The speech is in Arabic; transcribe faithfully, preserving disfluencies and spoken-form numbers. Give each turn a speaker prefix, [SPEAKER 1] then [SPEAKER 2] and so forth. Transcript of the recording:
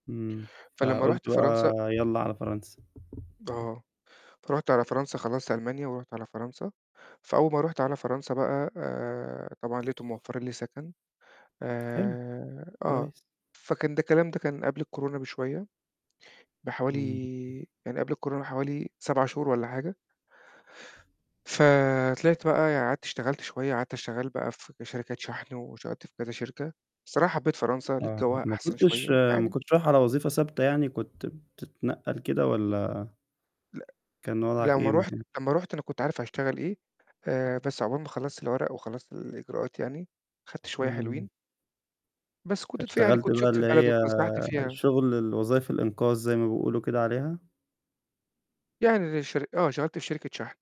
[SPEAKER 1] إمم،
[SPEAKER 2] فلمّا
[SPEAKER 1] فقُلت
[SPEAKER 2] رُحت فرنسا
[SPEAKER 1] بقى يالّا على فرنسا.
[SPEAKER 2] آه، رُحت على فرنسا خلّصت ألمانيا ورُحت على فرنسا، فأول ما رُحت على فرنسا بقى آآ، طبعًا لقيتهم موفّرين لي سكن،
[SPEAKER 1] حلو.
[SPEAKER 2] آآ، آه،
[SPEAKER 1] كويس.
[SPEAKER 2] فكان ده الكلام ده كان قبل الكورونا بشوية بحوالي
[SPEAKER 1] إمم.
[SPEAKER 2] يعني قبل الكورونا حوالي سَبَع شهور والّا حاجة. فطلعت بقى ي قعدت اشتغلت شوية قعدت، اشتغل بقى في ك شركات شحن واشغلت في كذا شركة، الصراحة حبّيت فرنسا لقيت
[SPEAKER 1] آه،
[SPEAKER 2] جوّاها
[SPEAKER 1] ما
[SPEAKER 2] أحسن
[SPEAKER 1] كنتش
[SPEAKER 2] شوية،
[SPEAKER 1] ما
[SPEAKER 2] يعني
[SPEAKER 1] كنتش رايح على وظيفة ثابتة يعني كنت بتتنقّل كده والّا
[SPEAKER 2] لأ،
[SPEAKER 1] كان وضعك
[SPEAKER 2] لو
[SPEAKER 1] إيه؟
[SPEAKER 2] ما رُحت
[SPEAKER 1] [unintelligible]
[SPEAKER 2] لمّا رُحت أنا كنت عارف هاشتغل إيه، آآ، بس عُقبال ما خلّصت الورق وخلّصت الإجراءات يعني خدت شوية
[SPEAKER 1] إمم.
[SPEAKER 2] حلوين. بس كنت [unintelligible] يعني
[SPEAKER 1] فاشتغلت
[SPEAKER 2] كنت
[SPEAKER 1] بقى
[SPEAKER 2] شُفت
[SPEAKER 1] اللي
[SPEAKER 2] البلد
[SPEAKER 1] هي
[SPEAKER 2] واتفسّحت فيها.
[SPEAKER 1] شغل الوظايف الإنقاذ زي ما بيقولوا كده عليها؟
[SPEAKER 2] يعني الشر آه، اشتغلت في شركة شحن.